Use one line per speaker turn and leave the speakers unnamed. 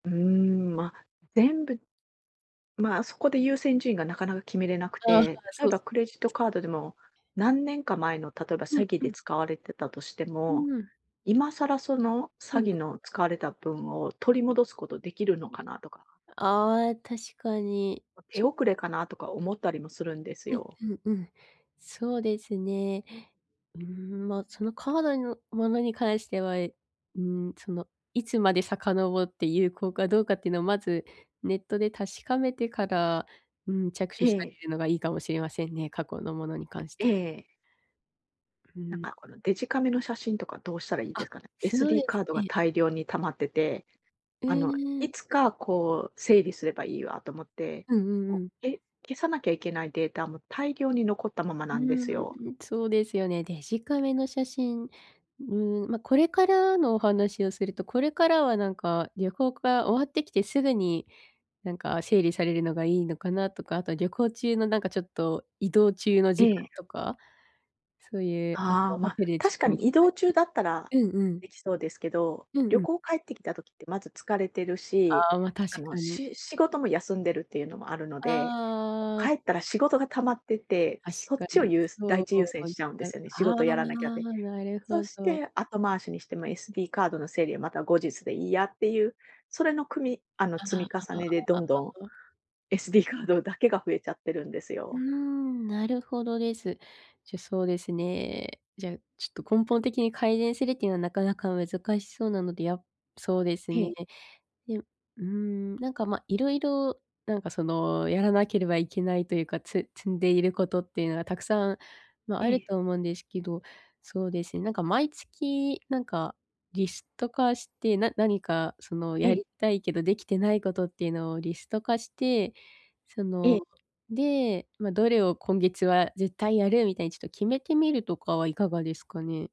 うーん、ま、全部まあ、そこで優先順位がなかなか決めれなく
あ、はら、
て、例
そ
え
う
ば
す。
クレジットカードでも、何年か前の例えば
うん、
詐欺
う
で
ん。
使われてたとして
う
も、
ーん。
今更その
う
詐
ん。ん。
欺の使われた分を取り戻すことできるのかなとか。
あ、え、確かに、
ま、
ち
手
ゅ
遅れかなとか思ったりもするんです
えん、
よ。
うん、うん。そうですね。うーん、ま、そのカードへのものにかえしては、えうーん、その、いつまで遡って有効かどうかってのをまず、ネットで確かめてから、うーん、着手
え
してあ
え。
げるのがいいかもしれませんね、過去のものに関し
え
ては。
え。
うー
なん
ん、
かこ
ん。
の、デジカメの写真とかどうしたらいいで
あ、
すかね。
そう
SD
です
カードが
ね。
大量に溜まってて、
う
あの、
ーん。
いつかこう整理すればいいわと思って、
うんうん
こ
うん。
う、け消さなきゃいけないデータも大量に残ったまま
う
なんですよ。
ーん、そうですよね。デジカメの写真、うーん、ま、これからのお話をすると、これからはなんか旅行が終わってきてすぐに、なんか整理されるのがいいのかなとか、あと旅行中のなんかちょっと移動中の
え
時間
え。
とか、そういう、あと
ああ、
ホ
ま、
テルちょ
確か
っと
に移動中
[unintelligible]
だったら
うんうん。
できそうですけど、
うんう
旅
ん。
行帰ってきた時ってまず疲れてるし、
ああ、ま、
あ
確
の、
かに。
し仕事も休んでるっていうのもあるので、
あ
帰
あ。
ったら仕事が溜まってて、
確
そっ
か
ちを
に。
ゆうす第
そ
一優先
う。い
しちゃうんで
[unintelligible]
すよね。仕
ああ、
事やらなきゃで。
なるほ
そし
ど。
て後回しにしても SD カードの整理はまた後日でいいやっていう、それの組みあの
ああ。あ、
積み重
あ、あ、
ねでどんどん
あ、あ。
SD カードだけが増えちゃってるんです
うー
よ。
ん、なるほどです。じゃ、そうですね。じゃ、ちょっと根本的に改善するっていうのはなかなか難しそうなので、やそうです
へ
ね。
え。
でうーん、なんかま色々、なんかそのやらなければいけないというか、つ積んでいることっていうのがたくさん、ま、あ
え
る
え。
と思うんですけど、そうですね、なんか毎月、なんか、リスト化して、な何かその
え
や
え。
りたいけどできてないことっていうのをリスト化して、そ
え
の
え。
で、ま、どれを今月は絶対やるみたいにちょっと決めてみるとかはいかがですかね？